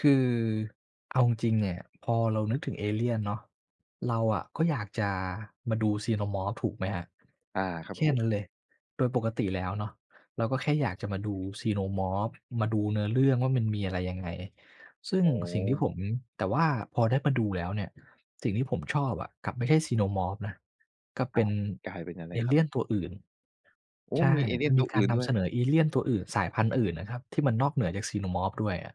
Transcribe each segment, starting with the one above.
คือเอาจริงเนี่ย พอเรานึกถึงเอเลียนเนาะ เราอะก็อยากจะมาดู Xenomorph ถูกไหมครับ? อา ครัแบคผ่ม นั้นเลย โดยปกติแล้วเนาะ เราก็แค่อยากจะมาดู Xenomorph มาดูเนื้อเรื่องว่ามันมีอะไรยังไง ซึ่โองสิ่งที่ผ้ ม แต่ว่าพอได้มาดูแล้วเนี่ย สิ่งที่ผมชอบอะกลับไม่ใช่ Xenomorph นะ ก็เคปร็ันบ กลายเป็นอะไเรอคเรลับ? ี่ยนตัวอื่น โอ้! ใช่ มีเอเลีมัยนนมตีัวกอาืร่นนด้ำเวสย นอเอเลี่ยนตัวอื่น สายพันธุ์อื่นนะครับ ที่มันนอกเหนือจาก Xenomorph ด้วยอะ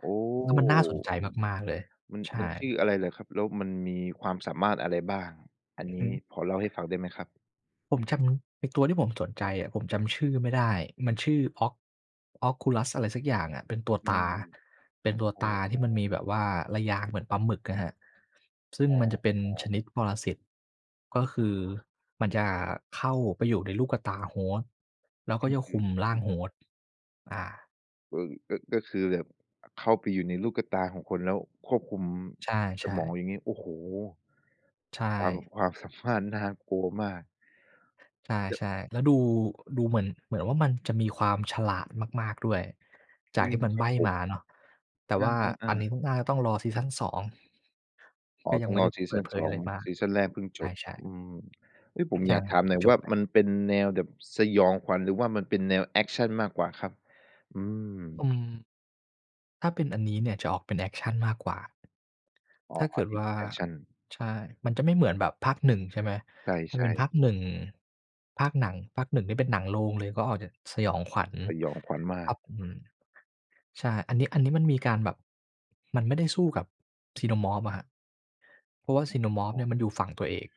โอ้! แล้วมันน่าสนใจมาก ๆ เลย มัน ใชมั่ นชื่ออะไรเหรอครับ? แล้วมันมีความสามารถอะไรบ้าง? อันอือนฮี้ึ ขอเล่าให้ฟังได้ไหมครับ? ผมจำ ไอ้ตัวที่ผมสนใจอะผมจำชื่อไม่ได้ มันชื่อ Oc Oculus อะไรสักอย่างอะ เป็นตัวอืตม า เป็นตัวโอ้ ตาที่มันมีแบบว่าระยางเหมือนปลาหมึกอะครับ ซึ่งอ๋มันจะเป็นชอ นิดปรสิต ก็คือมันจะเข้าไปอยู่ในลูกกะตา Host แล้วอก็ื้อจะฮคืุอ มร่อาืง ม Host อา เอ่อ ก็ ก็คือแบบ อ เข้าไปอยู่ในลูกกะตาของคน แล้วควบคุมใสช่ มอง ๆ อย่างงี้ โอ้โฮ ใชความ ่ ความสามารถน่ากลัวมาก ใชจะ ่ ๆ แล้วดู ดูเหมือน เหมือนว่ามันจะมีความฉลาดมาก ๆ ด้วย จอืากทม ี่มันคใรบับ้ผมม าเนาะ แต่เอว่าอ อันนี้ๆ ๆ ก็น่าจะต้องรอซีซั่น 2 อ๋กอ ็ยัต้งอไงม่รไดอ้ซีเปซิัดน เผสยออะง ไรมาก ซีซันแรกเพิ่งใจบ ช่ ๆ อืม เอ๊ย ผมใชอ่ ยากถามหน่อย จว่บาไป มันเป็นแนวแบบสยองขวัญ หรือว่ามันเป็นแนวแอกชันมากกว่าครับ? อือม ืม ถ้าเป็นอันนี้เนี่ยจะออกเป็นแอกชันมากกว่า อ๋ถอ ้าเกิดอิวน ่ด า แอกชัน ใช่ มันจะไม่เหมือนแบบภาค 1 ใช่ไหม ใชถ้าเป็่ นๆ ภาคหนึ่ง ภาคหนัง ภาค 1 ที่เป็นหนังโรงเลย ก็ออกจะสยองขวัญ สยองขวัญมาครัก บ อืม ใช่ อันนี้ อันนี้มันมีการแบบ มันไม่ได้สู้กับ Xenomorph อะครับ เพราะว่า ฮ อXenomorph ้เอ นี่ยมันอยู่ฝั่งตัวเอก